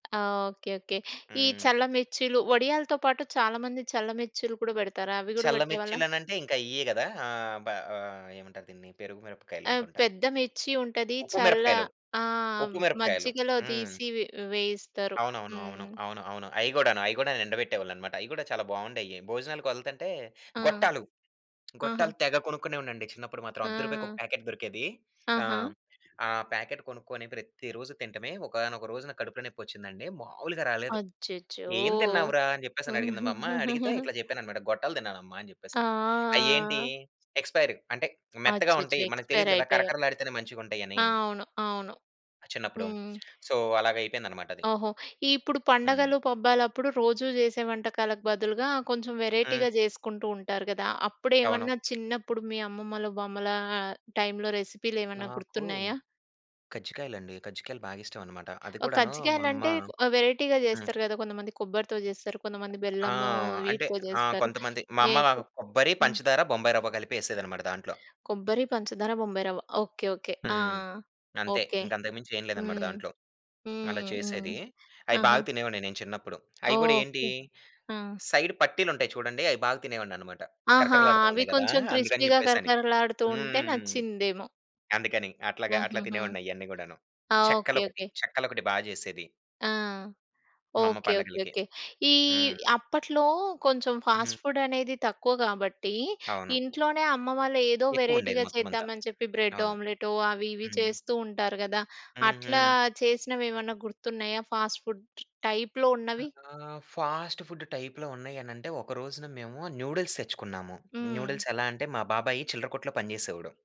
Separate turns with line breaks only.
ఆ! Okay okay. ఈ
హ్మ్.
చల్ల మిర్చిలు. వడియాలతో పాటు చాలా మంది చల్ల మిర్చిలు కూడా పెడతారు. అవి కూడా
చల్ల
పెట్టేవాళ్ళ?
మిర్చిలనంటే ఇంకా ఇయే కదా! ఆహ్, బ ఏమంటారు దీన్ని పెరుగు
ఆ!
మిరపకాయలనుకుంటా.
పెద్ద మిర్చి ఉంటది.
ఉప్పు
చల్ల
మిరపకాయలు,
ఆ!
ఉప్పు మిరపకాయలు.
మజ్జిగలో
హ్మ్.
తీసి వే వేయిస్తారు.
అవును. అవును. అవును.
హ్మ్.
అవును. అవును. అయి కూడాను అయి కూడా ఎండబెట్టేవాళ్ళన్నమాట. అయి కూడా చాలా బావుండేవి. భోజనాలకు వెళ్తుంటే
ఆ!
గొట్టాలు
ఆహా!
గొట్టాలు తెగ కొనుకునే ఉన్నా అండి చిన్నపుడు మాత్రం.
ఆ!
అర్ధ రూపాయికొక ప్యాకెట్ దొరికేది. ఆ!
ఆహా!
ఆ ప్యాకెట్ కొనుకొని ప్రతిరోజు తినటమే. ఒకానొక రోజు నాకు కడుపులో నొప్పి వచ్చిందండి. మాములుగా రాలేదు.
అచ్చచ్చో!
"ఎం తిన్నావురా?" అని చెప్పేసినడిగింది మా అమ్మ. అడిగితే ఇట్లా చెప్పానన్నమాట గొట్టలు తిన్నానమ్మ అని చెప్పేసని. అయేంటి
ఆ!
ఎక్స్‌పైర్డ్ అంటే మెత్తగా
అచ్చచ్చో!
ఉంటాయి. మనకు
ఎక్స్‌పైర్
తెలీదు కదా!
అయిపోయాయి.
కరకరలాడితేనే మంచిగుంటాయని...
అవును. అవును.
చిన్నప్పుడు.
హ్మ్.
సో, అలాగైపోయిందనమాటది.
ఓహో! ఇప్పుడు
హ్మ్.
పండగలు పబ్బాలప్పుడు రోజూ చేసే వంటకాలకు బదులుగా కొంచెం
హ్మ్.
వేరైటీ‌గా చేసుకుంటూ ఉంటారు కదా!
అవును.
అప్పుడేమన్నా చిన్నప్పుడు మీ అమ్మమ్మలు, బామ్మల టైమ్‌లో రెసిపీలేమన్నా
నాకు
గుర్తున్నాయా?
కజ్జికాయలండి. కజ్జికాయలు బాగిష్టమన్నమాట. అది
ఓహ్!
కూడాను మా అమ్మ
కజ్జికాయలంటే వెరైటీగా
హ్మ్.
చేస్తారు కదా! కొంతమంది కొబ్బరితో చేస్తారు. కొంతమంది
ఆ!
బెల్లము
అంటే
వీటితో
ఆ!
చేస్తారు.
కొంతమంది మా అమ్మ
వేటి
కొబ్బరి,
హ్మ్.
పంచదార, బొంబాయి రవ్వ కలిపి ఏసేదన్నమాట దాంట్లో.
కొబ్బరి, పంచదార, బొంబాయి రవ్వ. Okay okay. ఆ!
హ్మ్. అంతే
ఓకే.
ఇంక అంతకు మించి ఏం లేదనమాట
హ్మ్.
దాంట్లో. అలా
హుహు.
చేసేది అయి
ఆహా!
బాగా తినేవాడిని నేను చిన్నపుడు. అయి కూడా ఏంటి
ఓకే. ఆ!
సైడ్ పట్టీలంటాయి చుడండి అయి బాగా తినేవాడిననమాట.
ఆహా!
కరకరలాడుతూ
అవి
ఉండేది కదా!
కొంచెం
అందుకని
క్రిస్పీగా
చెప్పేసని.
కరకరలాడుతూ ఉంటే
హ్మ్.
నచ్చిందేమో!
అందుకని అట్లాగా. అట్లా
ఆహాహా!
తినేవాడిని అయన్నీ కూడాను.
ఆ!
చెక్కలు
ఓకే
ఒకటి,
ఓకే.
చెక్కలు ఒకటి బా చేసేది.
ఆ!
మా అమ్మ
ఓకే. ఓకే
పండగలకి.
ఓకే. ఈ
హ్మ్.
అప్పట్లో కొంచెం ఫాస్ట్
హ్మ్.
ఫుడ్ అనేది తక్కువ కాబట్టి,
అవును.
ఇంట్లోనే అమ్మ వాళ్ళు ఏదో
ఎక్కువుండేది.
వెరైటీగా
మొత్తమంతా.
చేద్దామని చెప్పి. బ్రెడ్
అవును.
ఆమ్లెట్ అవి ఇవి
హ్మ్.
చేస్తూ ఉంటారు కదా! అట్లా
హుహు.
చేసినవేమన్నా గుర్తున్నాయా ఫాస్ట్ ఫుడ్ టైప్‌లో
ఆ!
ఉన్నవి?
ఫాస్ట్ ఫుడ్ టైప్‌లో ఉన్నాయనంటే, ఒక రోజున మేము న్యూడిల్స్ తెచ్చుకున్నాము.
హ్మ్.
న్యూడిల్స్ ఎలా అంటే మా బాబాయి చిల్లర కొట్టులో పనిచేసేవాడు.